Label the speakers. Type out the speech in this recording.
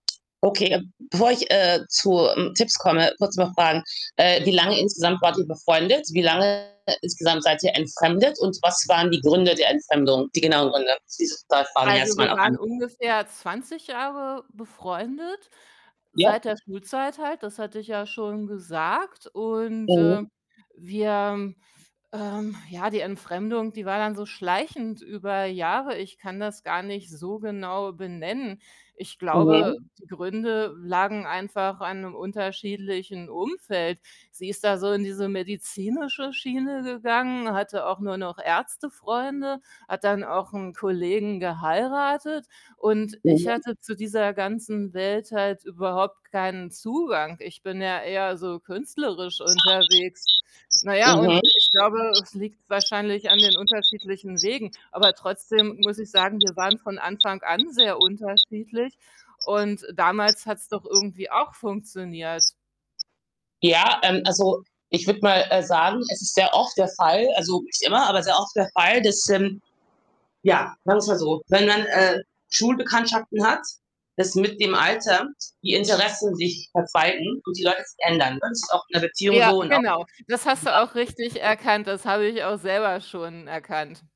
Speaker 1: Okay, äh, bevor ich, äh, zu, hm, Tipps komme, kurz noch Fragen: Äh, wie lange insgesamt wart ihr befreundet? Wie lange insgesamt seid ihr entfremdet und was waren die Gründe der Entfremdung, die genauen Gründe? Dieses 2 Fragen
Speaker 2: Also
Speaker 1: erst
Speaker 2: wir
Speaker 1: mal.
Speaker 2: waren
Speaker 1: [unintelligible]
Speaker 2: ungefähr 20 Jahre befreundet,
Speaker 1: Ja.
Speaker 2: seit der Schulzeit halt, das hatte ich ja schon gesagt und,
Speaker 1: Mhm.
Speaker 2: äh, wir ähm, ja, die Entfremdung, die war dann so schleichend über Jahre. Ich kann das gar nicht so genau benennen. Ich glaube,
Speaker 1: Mhm.
Speaker 2: die Gründe lagen einfach an 'nem unterschiedlichen Umfeld. Sie ist da so in diese medizinische Schiene gegangen, hatte auch nur noch Ärztefreunde, hat dann auch 'n Kollegen geheiratet und ich
Speaker 1: Mhm.
Speaker 2: hatte zu dieser ganzen Welt halt überhaupt keinen Zugang. Ich bin ja eher so künstlerisch unterwegs. Na ja und
Speaker 1: Mhm.
Speaker 2: ich glaube, es liegt wahrscheinlich an den unterschiedlichen Wegen. Aber trotzdem muss ich sagen, wir waren von Anfang an sehr unterschiedlich und damals hat's doch irgendwie auch funktioniert.
Speaker 1: Ja, ähm, also ich würde mal, äh, sagen, es ist sehr oft der Fall also nicht immer, aber sehr oft der Fall, dass, ähm, ja, manchmal so wenn man Schulbekanntschaften hat, dass mit dem Alter die Interessen sich verzweigen und die Leute sich ändern, ne? Das ist auch in der Beziehung
Speaker 2: Ja,
Speaker 1: so und auch
Speaker 2: genau. Das hast du
Speaker 1: [unintelligible]
Speaker 2: auch richtig erkannt, das habe ich auch selber schon erkannt.